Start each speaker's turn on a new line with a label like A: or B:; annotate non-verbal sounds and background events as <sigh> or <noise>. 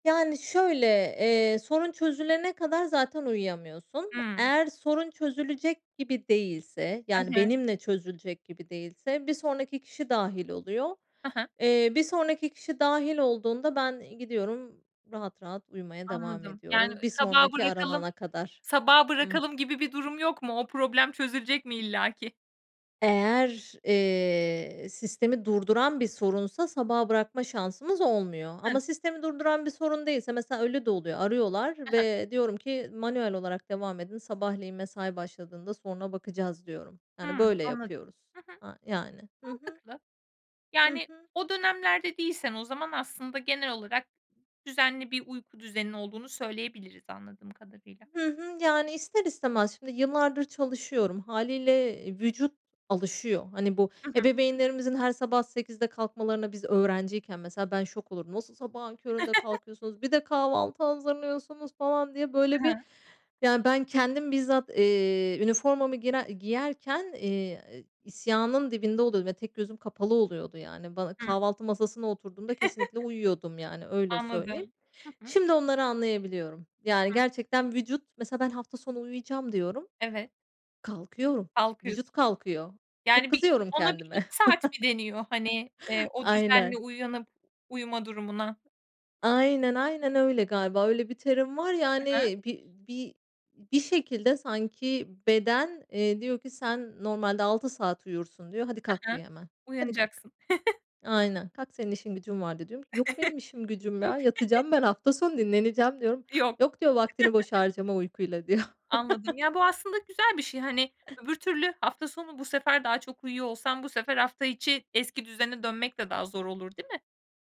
A: Yani, şöyle, eee, sorun çözülene kadar zaten uyuyamıyorsun.
B: Hımm.
A: Eğer sorun çözülecek gibi değilse, yani,
B: <unintelligible>
A: benimle çözülecek gibi değilse, bir sonraki kişi dâhil oluyor.
B: He he.
A: Eee, bir sonraki kişi dâhil olduğunda, ben gidiyorum rahat rahat uyumaya devam
B: Anladım, yani,
A: ediyorum. Bir
B: sabahı
A: sonraki
B: bırakalım,
A: aranana kadar.
B: sabahı
A: Hıı.
B: bırakalım gibi bir durum yok mu? O problem çözülecek mi illaki?
A: Eğer, eee, sistemi durduran bir sorunsa, sabaha bırakma şansımız olmuyor. Ama
B: <unintelligible>
A: sistemi durduran bir sorun değilse, mesela öyle de oluyor. Arıyorlar
B: He he.
A: ve diyorum ki, "Manuel olarak devam edin sabahleyin mesai başladığında, soruna bakacağız" diyorum. Yani,
B: Hımm,
A: böyle
B: anladım.
A: yapıyoruz.
B: Hı hı.
A: Aaa, yani, hı hı.
B: Mantıklı.
A: Hı
B: Yani,
A: hı.
B: o dönemlerde değilsen o zaman aslında genel olarak düzenli bir uyku düzenin olduğunu söyleyebiliriz, anladığım kadarıyla.
A: Hı hı. Yani, ister istemez, şimdi yıllardır çalışıyorum hâliyle, eee, vücut alışıyor. Hani, bu
B: Hı hı.
A: ebeveynlerimizin her sabah 08.00'de kalkmalarına. Biz öğrenciyken mesela, ben şok olurdum. O sa sabahın köründe
B: <chuckles>
A: kalkıyorsunuz, bir de kahvaltı hazırlıyorsunuz, falan diye,
B: He
A: böyle bir,
B: he.
A: yani, ben kendim bizzat, eee, üniformamı girer giyerken, eee, isyanın dibinde oluyordum ve tek gözüm kapalı oluyordu. Yani, bana
B: Hımm.
A: kahvaltı masasına oturduğumda kesinlikle uyuyordum, yani,
B: <chuckles>
A: öyle söyleyeyim.
B: Anladım. Hı hı.
A: Şimdi onları anlayabiliyorum. Yani,
B: <unintelligible>
A: gerçekten vücut Mesela ben hafta sonu uyuyacağım diyorum,
B: Evet.
A: kalkıyorum.
B: Kalkıyorsun.
A: Vücut kalkıyor. Çok
B: Yani, bir
A: kızıyorum
B: ona bir 2
A: kendime.
B: saat mi deniyor, hani, eee,
A: <chuckles>
B: o düzenli
A: Aynen.
B: uyanıp uyuma durumuna?
A: Aynen, aynen öyle galiba, öyle bir terim var,
B: Hı hı.
A: yani, bir bir bir şekilde sanki beden, eee, diyor ki sen normalde 6 saat uyursun diyor, hadi
B: Hı
A: kalk
B: hı.
A: diyor hemen, hadi kalk.
B: Uyanacaksın. <chuckles>
A: Aynen, kalk senin işin gücün var, diyorum ki, yok benim
B: <chuckles>
A: işim gücüm ya,
B: <unintelligible>
A: yatacağım
B: <chuckles>
A: ben, hafta sonu dinleneceğim, diyorum.
B: Yok.
A: Yok diyor, vaktini boşa
B: <chuckles>
A: harcama uykuyla, diyor.
B: Anladım, ya, bu
A: <chuckles>
B: aslında güzel bir şey, hani, öbür türlü hafta sonu bu sefer daha çok uyuyor olsan, bu sefer hafta içi eski düzene dönmek de daha zor olur, değil mi?